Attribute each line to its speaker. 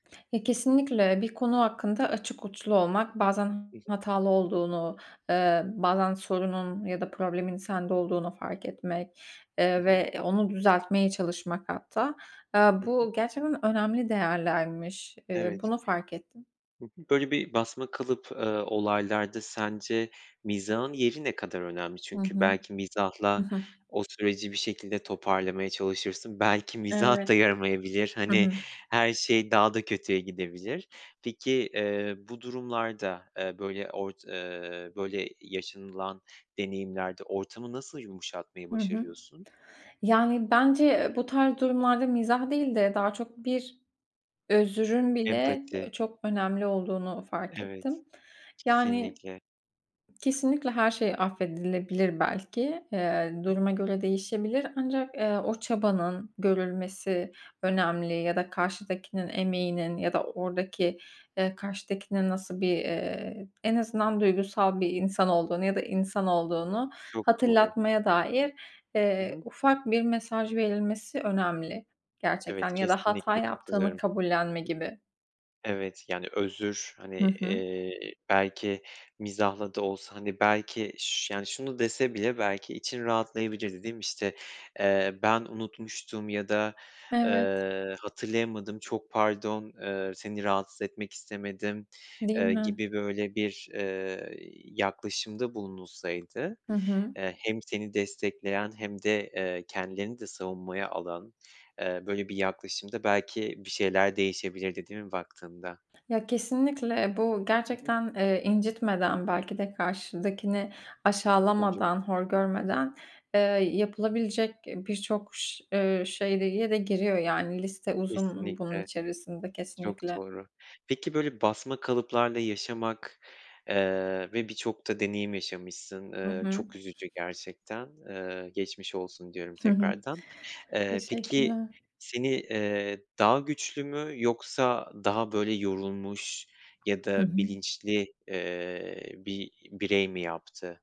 Speaker 1: Ya, kesinlikle. Bir konu hakkında açık uçlu olmak, bazen
Speaker 2: Hı hı.
Speaker 1: hatalı olduğunu, eee, bazen sorunun ya da problemin sende olduğunu fark etmek,
Speaker 2: Hı
Speaker 1: eee,
Speaker 2: hı.
Speaker 1: ve onu düzeltmeye çalışmak hatta. Eee,
Speaker 2: Hı hı.
Speaker 1: bu gerçekten önemli değerlermiş. Eee,
Speaker 2: Evet.
Speaker 1: bunu fark ettim.
Speaker 2: Hı hı. Böyle bir basma kalıp, ııı, olaylarda sence mizahın yeri ne kadar önemli?
Speaker 1: Hı
Speaker 2: Çünkü
Speaker 1: hı.
Speaker 2: belki
Speaker 1: Hı
Speaker 2: mizahla
Speaker 1: hı.
Speaker 2: o süreci bir şekilde toparlamaya çalışırsın. Belki mizah da
Speaker 1: Evet.
Speaker 2: yaramayabilir.
Speaker 1: Hı
Speaker 2: Hani,
Speaker 1: hı.
Speaker 2: her şey daha da kötüye gidebilir. Peki, eee, bu durumlarda, eee, böyle ort eee böyle yaşanılan deneyimlerde ortamı nasıl yumuşatmayı
Speaker 1: Hı hı.
Speaker 2: başarıyorsun?
Speaker 1: Yani, bence, eee, bu tarz durumlarda mizah değil de daha çok bir özrün bile, eee,
Speaker 2: Empati.
Speaker 1: çok önemli olduğunu fark
Speaker 2: Evet,
Speaker 1: ettim. Yani
Speaker 2: kesinlikle.
Speaker 1: Kesinlikle her şey affedilebilir belki, eee
Speaker 2: Hı hı.
Speaker 1: duruma göre değişebilir ancak, eee, o çabanın görülmesi önemli ya da karşıdakinin emeğinin ya da oradaki, eee, karşıdakinin nasıl bir, eee, en azından duygusal bir insan olduğunu ya da insan olduğunu
Speaker 2: Çok doğru.
Speaker 1: hatırlatmaya dair,
Speaker 2: Hı
Speaker 1: eee,
Speaker 2: hı.
Speaker 1: ufak bir mesaj verilmesi önemli
Speaker 2: Evet,
Speaker 1: gerçekten ya da hata
Speaker 2: kesinlikle
Speaker 1: yaptığını
Speaker 2: katılıyorum.
Speaker 1: kabullenme gibi.
Speaker 2: Evet, yani özür, hani,
Speaker 1: Hı hı.
Speaker 2: eee, belki mizahla da olsa, hani, belki ş yani, şunu dese bile belki için rahatlayabilir, değil mi? İşte, eee, ben unutmuştum ya da,
Speaker 1: Evet.
Speaker 2: eee, "Hatırlayamadım çok pardon." eee, "Seni rahatsız etmek istemedim."
Speaker 1: Değil
Speaker 2: eee,
Speaker 1: mi?
Speaker 2: gibi böyle bir, eee, yaklaşımda bulunulsaydı,
Speaker 1: Hı hı.
Speaker 2: eee, hem seni destekleyen hem de, eee, kendilerini de savunmaya alan, eee, böyle bir yaklaşımda belki bir şeyler değişebilirdi, değil mi baktığında?
Speaker 1: Ya kesinlikle. Bu
Speaker 2: I hı.
Speaker 1: gerçekten, eee, incitmeden belki de karşıdakini
Speaker 2: Tabii canım.
Speaker 1: aşağılamadan, hor
Speaker 2: Hı hı.
Speaker 1: görmeden, eee, yapılabilecek, eee, birçok ş eee, şeye de giriyor, yani. Liste uzun bunun
Speaker 2: Kesinlikle.
Speaker 1: içerisinde
Speaker 2: Çok
Speaker 1: kesinlikle.
Speaker 2: doğru. Peki böyle basma kalıplarla yaşamak, eee, ve birçok da deneyim yaşamışsın.
Speaker 1: Hı
Speaker 2: Iıı
Speaker 1: hı.
Speaker 2: çok üzücü gerçekten. Eee, geçmiş olsun diyorum
Speaker 1: Hı hı.
Speaker 2: tekrardan. Eee, peki,
Speaker 1: Teşekkürler.
Speaker 2: seni, eee, daha güçlü mü yoksa daha böyle yorulmuş ya
Speaker 1: Hı
Speaker 2: da
Speaker 1: hı.
Speaker 2: bilinçli, eee, bir birey mi yaptı?